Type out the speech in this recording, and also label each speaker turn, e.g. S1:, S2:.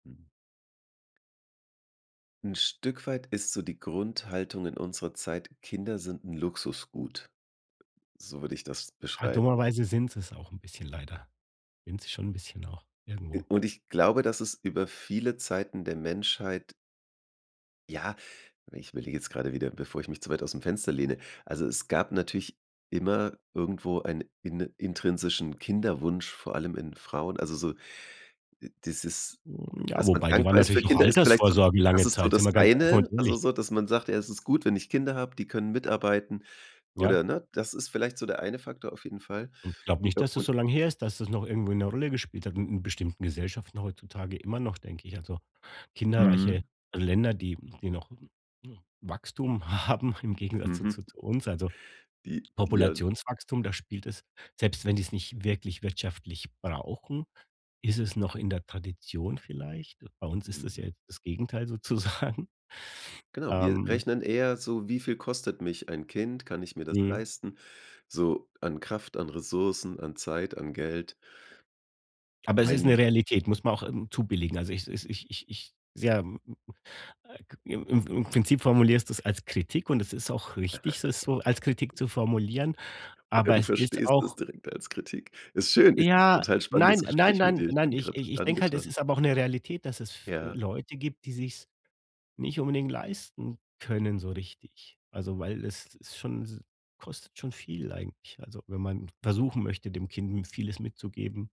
S1: 'N Stück weit ist so die Grundhaltung in unserer Zeit: „Kinder sind 'n Luxusgut." So würde ich das
S2: Ah,
S1: beschreiben.
S2: dummerweise sind sie 's auch bisschen leider sind sie schon 'n bisschen auch,
S1: Äh,
S2: irgendwo.
S1: und ich glaube, dass es über viele Zeiten der Menschheit Ja, ich überlege jetzt gerade wieder, bevor ich mich zu weit ausm Fenster lehne Also es gab natürlich immer irgendwo einen in intrinsischen Kinderwunsch, vor allem in Frauen, also so, äh, dieses
S2: Hm, ja,
S1: dass man
S2: wobei die waren
S1: dankbar ist für
S2: natürlich auch
S1: Kinder, ist vielleicht so
S2: Altersvorsorge
S1: das
S2: lange
S1: ist so
S2: Zeit, sind
S1: das
S2: wir ganz offen
S1: eine,
S2: und
S1: also
S2: ehrlich.
S1: so, dass man sagt: „Ja, es ist gut, wenn ich Kinder habe, die können mitarbeiten"
S2: Ja.
S1: oder ne? Das ist vielleicht so der eine Faktor auf jeden Fall.
S2: Und glaube nicht,
S1: Ja,
S2: dass das
S1: und
S2: so lang her ist, dass das noch irgendwo 'ne Rolle gespielt hat 'n in bestimmten Gesellschaften heutzutage immer noch, denke ich Also
S1: Mhm.
S2: kinderreiche Länder, die die noch, hm, Wachstum haben im Gegensatz zu
S1: Mhm.
S2: zu zu uns, also
S1: Die die ja
S2: Populationswachstum. Da spielt es selbst wenn die es nicht wirklich wirtschaftlich brauchen, ist
S1: Hm.
S2: es noch in der Tradition vielleicht. Bei uns ist es
S1: Mhm.
S2: ja das Gegenteil sozusagen.
S1: Genau, wir
S2: Ähm.
S1: rechnen eher so: „Wie viel kostet mich ein Kind? Kann ich mir das
S2: Mhm.
S1: leisten, so an Kraft, an Ressourcen, an Zeit, an Geld?“
S2: Aber es ist
S1: Mein
S2: 'ne Realität, muss man auch, ähm, zubilligen, also, ich es ich ich ich, [unintelligible] im im im Prinzip formulierst du es als Kritik und es ist auch richtig, es so als Kritik zu formulieren,
S1: Oder
S2: aber
S1: du
S2: es ist
S1: verstehst das
S2: auch
S1: direkt als Kritik. Ist schön ist 'n
S2: Ja,
S1: total
S2: nein
S1: spannendes
S2: nein
S1: Gespräch mit
S2: nein
S1: dir. Ich
S2: nein,
S1: bin
S2: ich
S1: grad
S2: ich ich denke halt, es
S1: angetan.
S2: ist aber auch 'ne Realität, dass es f
S1: Ja.
S2: Leute gibt, die sich 's nicht unbedingt leisten können so richtig. Also, weil es ist schon s kostet schon viel eigentlich, also, wenn man versuchen möchte, dem Kind, hm, vieles mitzugeben.